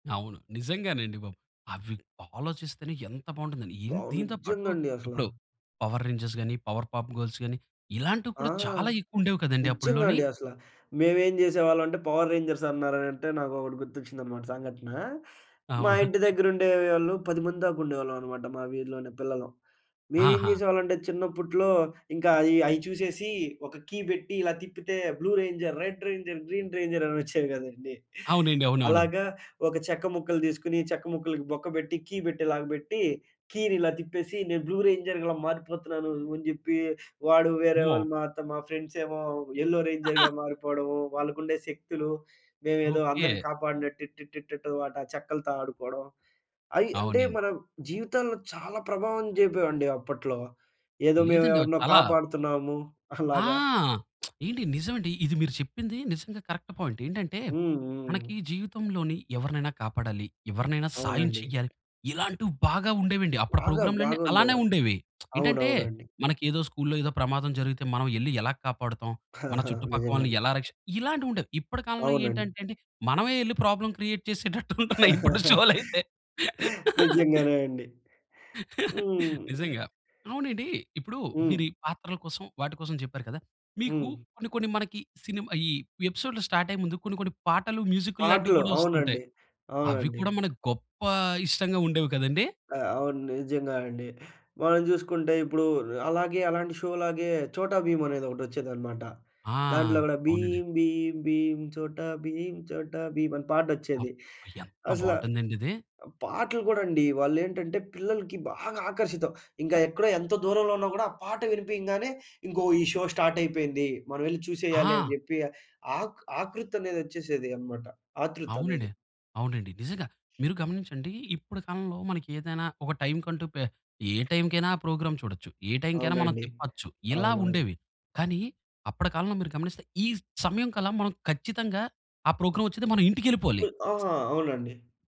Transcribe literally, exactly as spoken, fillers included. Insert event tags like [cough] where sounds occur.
అవును. నిజంగానండి బాబు. అవి ఆలోచిస్తేనే ఎంత బాగుంటుందని. అబ్బా! ఎన్ దీనితో పాటు నిజ్జంగా అండి అసల. ఇప్పుడు పవర్ రేంజెస్‌గాని, పవర్ పాప్ గర్ల్స్‌గాని ఇలాంటివి ఆ! కూడా చాలా ఎక్కువుండేవి కదండీ నిజ్జంగా అప్పడ్లోని. అండి అసల. మేమేం జేసేవాళ్ళం అంటే, పవర్ రేంజర్స్ అన్నారనంటే నాకొకటి గుర్తొచ్చిందన్నమాట సంఘటన. మా అవునా! [chuckles] ఇంటి దగ్గరుండేవాళ్ళు పది మంది దాకా ఉండేవాళ్ళం అనమాట. మా వీధిలోనే పిల్లలం. మేమేం ఆహా! జేసేవాళ్ళంటే, చిన్నప్పట్లో ఇంకా అయి, అయి చూసేసి ఒక కీ పెట్టి ఇలా తిప్పితే blue ranger, red ranger, green ranger అనొచ్చేవి గదండీ. అవునండి. అవునవును. అలాగా ఒక చెక్క ముక్కలు దీసుకొని, చెక్క ముక్కలకి బొక్క బెట్టి, కీ బెట్టేలాగా బెట్టి కీనిలా తిప్పేసి, నేను బ్లూ రేంజర్ ఇలా మారిపోతున్నాను, అని జెప్పి వాడు వేరే అమ్మో! వాళ్ళు మా త మా ఫ్రెండ్సేమో యెల్లో రేంజర్‌గా [laughs] మారిపోవడము, వాళ్ళకుండే శక్తులు, మేమేదో అందరిని ఓకే. కాపాడినట్టు టి, టి, టి, టు వాట చెక్కలతో ఆడుకోవడం, అయి అంటే, అవునండి. మన జీవితంలో చాలా ప్రభావం జేపేవండి అప్పట్లో. ఏదో లేదండి ఆవి మేమెవరినో చాలా కాపాడుతున్నాము [chuckles] ఆ! అలాగా. [smacks lips] ఏండి! నిజం అండి ఇది మీరు చెప్పింది నిజంగా కరెక్ట్ పాయింట్. ఏంటంటే, హ్మ్. హ్మ్. మనకి జీవితంలోని ఎవరినైనా కాపాడాలి. ఎవరినైనా సాయం అవునండి. చేయాలి. ఇలాంటివి బాగా ఉండేవండి. అప్పుడు బాగా ప్రోగ్రామ్‌లన్ని బాగుండే. అలానే ఉండేవి. [smacks lips] ఏంటంటే, అవునవునండి. మనకేదో స్కూల్‌లో ఏదో ప్రమాదం జరిగితే మనం యెళ్లి యెలా కాపాడుతాం, మన [chuckles] చుట్టుపక్కల వాళ్ళని నిజంగానే. యెలా రక్షి ఇలాంటివుండేవి. ఇప్పటి కాలంలో అవునండి. ఏంటంటే అండి, మనమే ఎళ్లి ప్రాబ్లమ్ క్రియేట్ చేసేటట్టు ఉంటున్నాయి ఇప్పుడు షోలైతే. [laughs] నిజంగానే అండి. హ్మ్. [laughs] నిజంగా. అవునండి. ఇప్పుడు హ్మ్. మీరీ పాత్రల కోసం వాటి కోసం చెప్పారు కదా! మీకు హ్మ్. కొన్ని, కొన్ని మనకి సినిమ ఈ ఎపిసోడ్‌లు స్టార్ట్ అయ్యే ముందు కొన్ని, కొన్ని పాటలు మ్యూజిక్కుల్లాంటివి పాటలు. కూడా ఒస్తుంటాయి. అవునండి. అవి అవునండి. కూడా మనకు గొప్ప ఇష్టంగా ఉండేవి కదండీ? ఆ! అవును. నిజంగా అండి. మనం జూసుకుంటే ఇప్పుడు, ర్ అలాగే అలాంటి షోలాగే 'చోటా భీం' అనేది ఒకటొచ్చేదనమాట. ఆ! దాంట్లో గూడా అవునండి. భీం భీం భీం, చోటా భీం చోటా భీమ్ అని పాటొచ్చేది. అబ్బ! ఎంత అసల బాగుంటుందండిది. ఆ పాటలు గూడా అండి వాళ్ళేంటంటే, పిల్లలకి బాగా ఆకర్షితం. ఇంకా ఎక్కడ ఎంతో దూరంలో ఉన్నా గూడా ఆ పాట వినిపియంగానే, ఇంకో ఈ షో స్టార్ట్ అయిపోయింది. మనమెళ్లి చూసేయాలని ఆ! జెప్పి ఆక్ ఆకృతనేది ఒచ్చేసేదనమాట. ఆత్రుతనేది. అవునండి. అవునండి. నిజంగా. మీరు గమనించండి ఇప్పుడు కాలంలో మనకేదైనా ఒక టైమ్‌కంటూ పే ఏ టైమ్‌కైనా ఆ ప్రోగ్రామ్ చూడొచ్చు, ఏ టైమ్‌కైనా మనం అవునండి. తిప్పొచ్చు. ఇలా అవునవును. ఉండేవి. కానీ, అప్పటి కాలంలో మీరు గమనిస్తే, ఈ సమయంకల్లా మనం ఖచ్చితంగా ఆ ప్రోగ్రామ్ ఒచ్చేది మనం ఇంటికేళ్ళిపోవాలి. [smacks lips] ఆహా! అవునండి.